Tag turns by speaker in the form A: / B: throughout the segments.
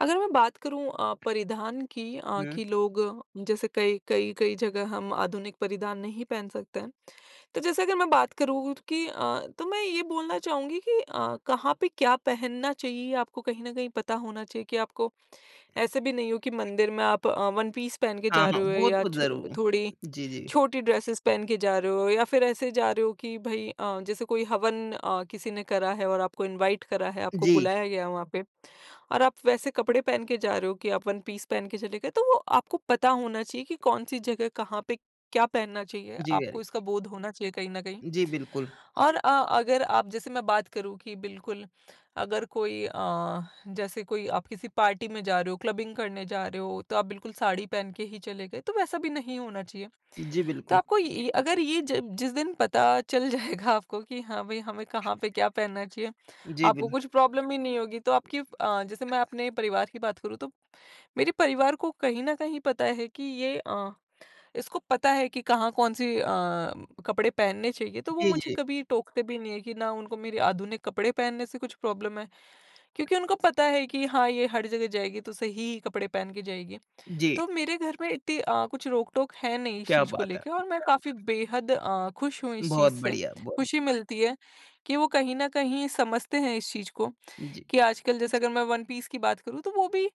A: अगर मैं बात करूँ अ, परिधान की अ,
B: हुँ।
A: कि लोग जैसे कई कई कई जगह हम आधुनिक परिधान नहीं पहन सकते हैं। तो जैसे अगर मैं बात करूँ कि अ, तो मैं ये बोलना चाहूँगी कि अ, कहाँ पे क्या पहनना चाहिए आपको कहीं न कहीं पता होना चाहिए कि आपको ऐसे भी नहीं हो कि मंदिर में आप अ, वन पीस पहन के
B: हाँ,
A: जा
B: हाँ।
A: रहे हो
B: वो
A: या
B: तो
A: छ
B: ज़रूर।
A: थोड़ी
B: जी, जी।
A: छोटी ड्रेसेस पहन के जा रहे हो या फिर ऐसे जा रहे हो कि भई अ, जैसे कोई हवन अ, किसी ने करा है और आपको इनवाइट करा है, आपको
B: जी।
A: बुलाया गया है वहाँ पे और आप वैसे कपड़े पहन के जा रहे हो कि आप वन पीस पहन के चले गए, तो वो आपको पता होना चाहिए कि कौन-सी जगह कहाँ पे क्या पहनना चाहिए,
B: जी, वेरी
A: आपको
B: गु
A: इसका बोध होना चाहिए कहीं न कहीं।
B: जी, बिल्कुल।
A: और अ, अगर आप जैसे मैं बात करूँ कि बिल्कुल अगर कोई अ, जैसे कोई आप किसी पार्टी में जा रहे हो, क्लबिंग करने जा रहे हो, तो आप बिल्कुल साड़ी पहन के ही चले गए, तो वैसा भी नहीं होना चाहिए।
B: जी,
A: तो
B: बिल्कुल।
A: आपको ये अगर ये ज जिस दिन पता चल जाएगा आपको कि हाँ, भई हमें कहाँ पे क्या पहनना चाहिए।
B: जी,
A: आपको
B: बिल
A: कुछ प्रॉब्लम ही नहीं होगी तो आपकी अ, जैसे मैं अपने परिवार की बात करूँ तो, मेरे परिवार को कहीं न कहीं पता है कि ये अ, इसको पता है कि कहाँ कौन-सी अ, कपड़े पहनने चाहिए तो वो
B: जी,
A: मुझे
B: जी।
A: कभी टोकते भी नहीं है, कि ना उनको मेरे आधुनिक कपड़े पहनने से कुछ प्रॉब्लम है, क्योंकि उनको पता है कि हाँ, ये हर जगह जाएगी तो सही ही कपड़े पहन के जाएगी।
B: जी।
A: तो मेरे घर में इतनी अ, कुछ रोक-टोक है नहीं इस
B: क्या
A: चीज़ को
B: बात है।
A: लेके और मैं काफ़ी बेहद अ, खुश हूँ इस
B: बहुत
A: चीज़ से
B: बढ़िया, ब
A: खुशी मिलती है, कि वो कहीं न कहीं समझते हैं इस चीज़ को
B: जी।
A: कि आजकल जैसे अगर मैं वन पीस की बात करूँ तो वो भी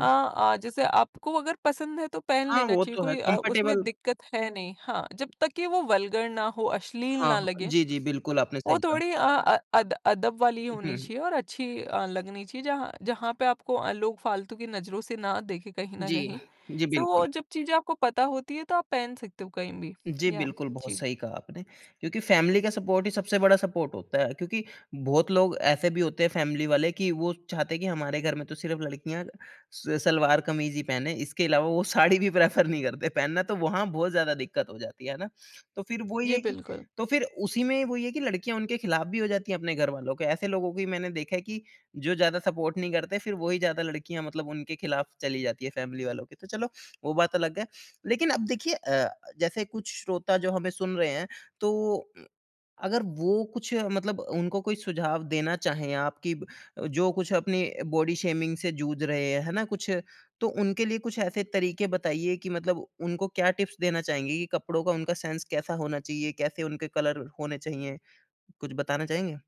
A: अ, आ जैसे आपको अगर पसंद है तो पहन
B: हाँ,
A: लेना
B: वो
A: चाहिए,
B: तो है
A: कोई अ, उसमें
B: कंफर्टेबल
A: दिक्कत है नहीं। हाँ, जब तक कि वो वल्गर ना हो, अश्लील
B: हाँ,
A: ना
B: हाँ।
A: लगे
B: जी, जी, बिल्कुल आपने
A: वो
B: सही कहा।
A: थोड़ी अ अ, अद अदब वाली
B: हुँ,
A: होनी
B: हुँ।
A: चाहिए और अच्छी अ, लगनी चाहिए जहाँ जहाँ पे आपको अ, लोग फालतू की नज़रों से ना देखे कहीं न
B: जी।
A: कहीं
B: जी,
A: तो
B: बिल्कुल।
A: वो जब चीज़ें आपको पता होती है तो आप पहन सकते हो कहीं भी।
B: जी,
A: याह
B: बिल्कुल बहुत
A: जी।
B: सही कहा आपने क्योंकि फैमिली का सपोर्ट ही सबसे बड़ा सपोर्ट होता है। क्योंकि बहुत लोग ऐसे भी होते हैं फैमिली वाले कि वो चाहते हैं कि, हमारे घर में तो सिर्फ़ लड़कियाँ स सलवार-कमीज ही पहने इसके अलावा वो साड़ी भी प्रेफर नहीं करते पहनना तो वहाँ बहुत ज़्यादा दिक्कत हो जाती है। है ना? तो फिर वो ही
A: जी,
B: है कि
A: बिल्कुल।
B: तो फिर उसी में वही है कि लड़कियाँ उनके खिलाफ भी हो जाती है अपने घरवालों के ऐसे लोगों को भी मैंने देखा है कि जो ज़्यादा सपोर्ट नहीं करते फिर वही ज़्यादा लड़कियाँ मतलब उनके खिलाफ चली जाती हैं फैमिली वालों के। तो चलो वो बात अलग है। लेकिन अब देखिए अ, जैसे कुछ श्रोता जो हमें सुन रहे हैं तो, उ अगर वो कुछ मतलब उनको कोई सुझाव देना चाहें आप कि ब जो कुछ अपनी बॉडी शेमिंग से जूझ रहे हैं है ना? कुछ तो उनके लिए कुछ ऐसे तरीके बताइए कि मतलब उनको क्या टिप्स देना चाहेंगे ये कपड़ों का उनका सेंस कैसा होना चाहिए? कैसे उनके कलर होने चाहिए कुछ बताना चाहेंगे?